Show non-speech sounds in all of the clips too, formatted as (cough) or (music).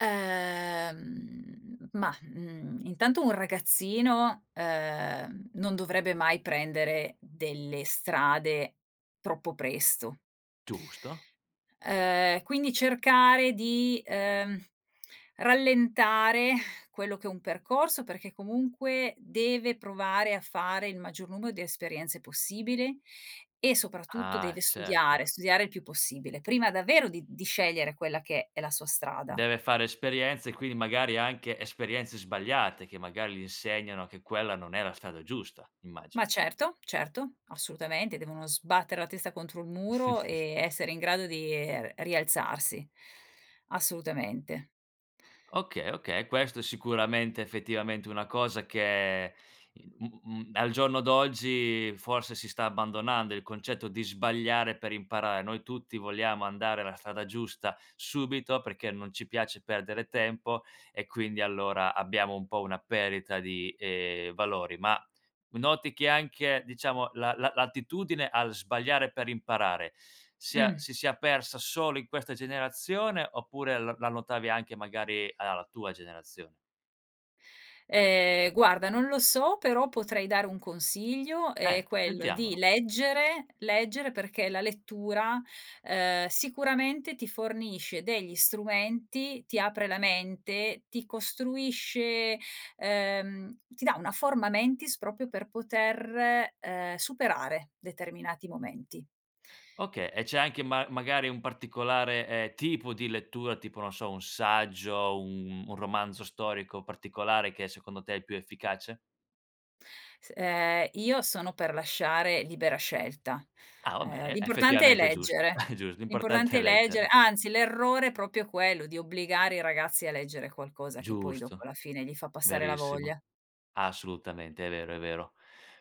Ehm, ma, mhmm, intanto un ragazzino, ehm, non dovrebbe mai prendere delle strade troppo presto. Giusto. Ehm, quindi cercare di, ehm, rallentare quello che è un percorso perché comunque, deve provare a fare il maggior numero di esperienze possibili e soprattutto deve Ah certo. studiare, studiare il più possibile prima davvero di di scegliere quella che è la sua strada. Deve fare esperienze, e quindi magari anche esperienze sbagliate che magari gli insegnano che quella non è la strada giusta, immagino. Ma certo, certo, assolutamente, devono sbattere la testa contro il muro, ehm, (chuckles) essere in grado di e re rialzarsi, assolutamente. Okay, okay, e questo sicuramente, effettivamente è una cosa che, mhmm, mhmm, al giorno d'oggi forse si sta abbandonando il concetto di sbagliare per imparare. Noi tutti vogliamo andare a la strada giusta subito, perché non ci piace perdere tempo e quindi allora abbiamo un po' una perdita di, ehm, valori. Ma noti che anche, diciamo, la la l'attitudine al sbagliare per imparare sia Mh. si sia persa solo in questa generazione, oppure l la notavi anche magari alla la tua generazion Ehm, guarda, non lo so, però potrei dare un consiglio, è Ehm, quello di sentiamolo. leggere, leggere perché, la lettura, ehm, sicuramente ti fornisce degli strumenti, ti apre la mente, ti costruisce, ehm, ti dà una forma mentis proprio per poter, ehm, superare determinati momenti. Okay, e c'è anche ma magari un particolare, ehm, tipo di lettura, tipo, non so, un un saggio, un un romanzo storico particolare che secondo te è il più efficace? S ehm, io sono per lasciare libera scelta, Ah va ehm, bene, l'importante è effettivamente è giusto, leggere (chuckles) è giust l'importante l'importante è è legger leggere. anzi l'errore è proprio quello, di obbligare i ragazzi a leggere qualcosa che poi dopo Giusto, alla fine gli fa passare la verissimo. voglia. Assolutamente, è vero, è vero.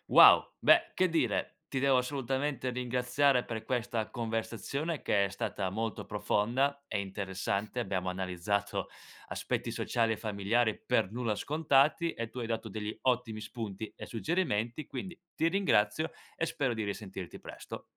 Wow, beh, che dire, ti devo assolutamente ringraziare per questa conversazione che è stata molto profonda e interessante. Abbiamo analizzato aspetti sociali e familiari per nulla scontati e tu hai dato degli ottimi spunti e suggerimenti, quindi ti ringrazio e spero di risentirti presto.